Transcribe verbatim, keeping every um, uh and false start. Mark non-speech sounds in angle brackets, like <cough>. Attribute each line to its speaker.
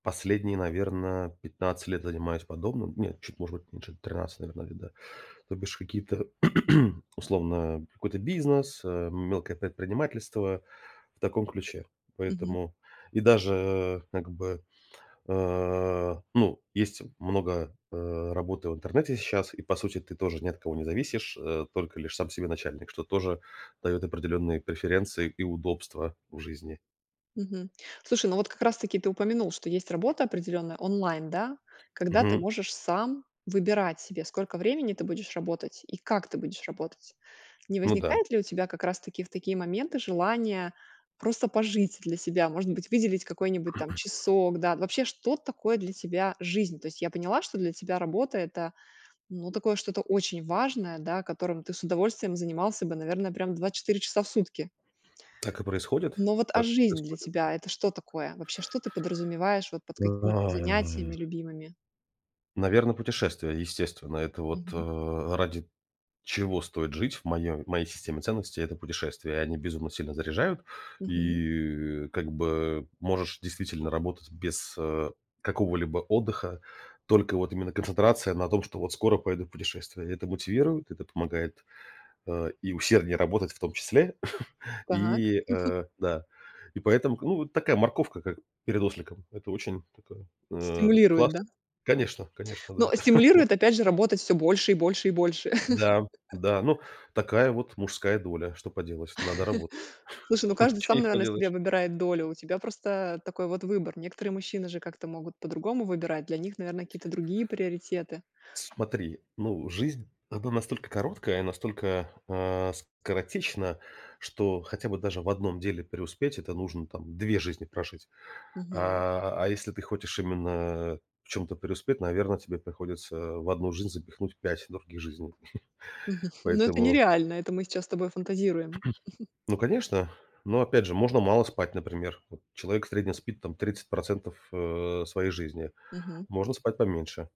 Speaker 1: Последние, наверно, пятнадцать лет занимаюсь подобным. Нет, чуть, может быть меньше тринадцать, наверно, лет, да. То бишь какие-то, <clears throat> условно, э, какой-то бизнес, э, мелкое предпринимательство. В таком ключе.
Speaker 2: Мгм.
Speaker 1: Поэтому и даже, э, как бы, а, ну есть много, э, работы в интернете сейчас, и по сути ты тоже ни от кого не зависишь, э, только лишь сам себе начальник, что тоже даёт определённые преференции и удобства в жизни.
Speaker 2: Мгм. Слушай, ну вот как раз таки ты упомянул, что есть работа определённая онлайн, да, когда ты
Speaker 1: Мгм.
Speaker 2: можешь сам выбирать себе сколько времени ты будешь работать и как ты будешь работать. Не
Speaker 1: Ну да.
Speaker 2: возникает ли у тебя как раз таки в такие моменты желание просто пожить для себя, может быть выделить какой-нибудь там часок, да?
Speaker 1: <clears throat>
Speaker 2: Вообще, что такое для тебя жизнь? То есть я поняла, что для тебя работа это, ну, такое, что-то очень важное, да которым ты с удовольствием занимался бы, наверное, прям двадцать четыре часа в сутки.
Speaker 1: Так и происходит
Speaker 2: Но вот, а
Speaker 1: так и
Speaker 2: жизнь для
Speaker 1: происходит.
Speaker 2: тебя это что такое? Вообще, что ты подразумеваешь вот под какими-то занятиями любимыми?
Speaker 1: Наверно, путешествия, естественно. Это вот,
Speaker 2: Мгм.
Speaker 1: э, ради чего стоит жить в моём в моей системе ценностей, это путешествия. И они безумно сильно заряжают,
Speaker 2: Мгм.
Speaker 1: и, э, как бы, э, можешь действительно работать без, а, какого-либо отдыха. Только вот именно концентрация на том, что вот скоро поеду в путешествие. И это мотивирует, это помогает, а, и усерднее работать в том числе. <chuckles>
Speaker 2: Так.
Speaker 1: И,
Speaker 2: <chuckles>
Speaker 1: э, да и поэтому ну вот такая морковка, как перед осликом. Это очень так, э,
Speaker 2: Стимулирует, да?
Speaker 1: классно. Конечно конечно,
Speaker 2: Ну,
Speaker 1: да.
Speaker 2: а,
Speaker 1: <chuckles>
Speaker 2: стимулирует опять же работать всё больше, и больше и больше.
Speaker 1: Да,
Speaker 2: <chuckles>
Speaker 1: да, ну такая вот мужская доля, что поделать, надо работать
Speaker 2: <chuckles> Слушай, ну
Speaker 1: <chuckles>
Speaker 2: каждый
Speaker 1: ничего
Speaker 2: сам
Speaker 1: не
Speaker 2: наверное себе
Speaker 1: поделаешь.
Speaker 2: выбирает долю. У тебя просто а такой вот выбор. Некоторые мужчины же как-то могут по-другому выбирать. Для них, наверное, какие-то другие приоритеты.
Speaker 1: Смотри, ну жизнь, она настолько короткая, настолько, а, скоротечна, что хотя бы даже в одном деле преуспеть это нужно там две жизни прожить.
Speaker 2: Мгм.
Speaker 1: А, а если ты хочешь именно в чем-то преуспеть, наверно, тебе приходится в одну жизнь запихнуть пять других жизней.
Speaker 2: Мгм,
Speaker 1: <chuckles>
Speaker 2: <chuckles> но это
Speaker 1: Поэтому
Speaker 2: нереально, это мы сейчас с тобой фантазируем. <chuckles>
Speaker 1: <clears throat> Ну конечно. Но, опять же, можно мало спать, например. Вот человек в среднем спит там тридцать процентов, э, своей жизни.
Speaker 2: Мгм.
Speaker 1: Можно спать поменьше.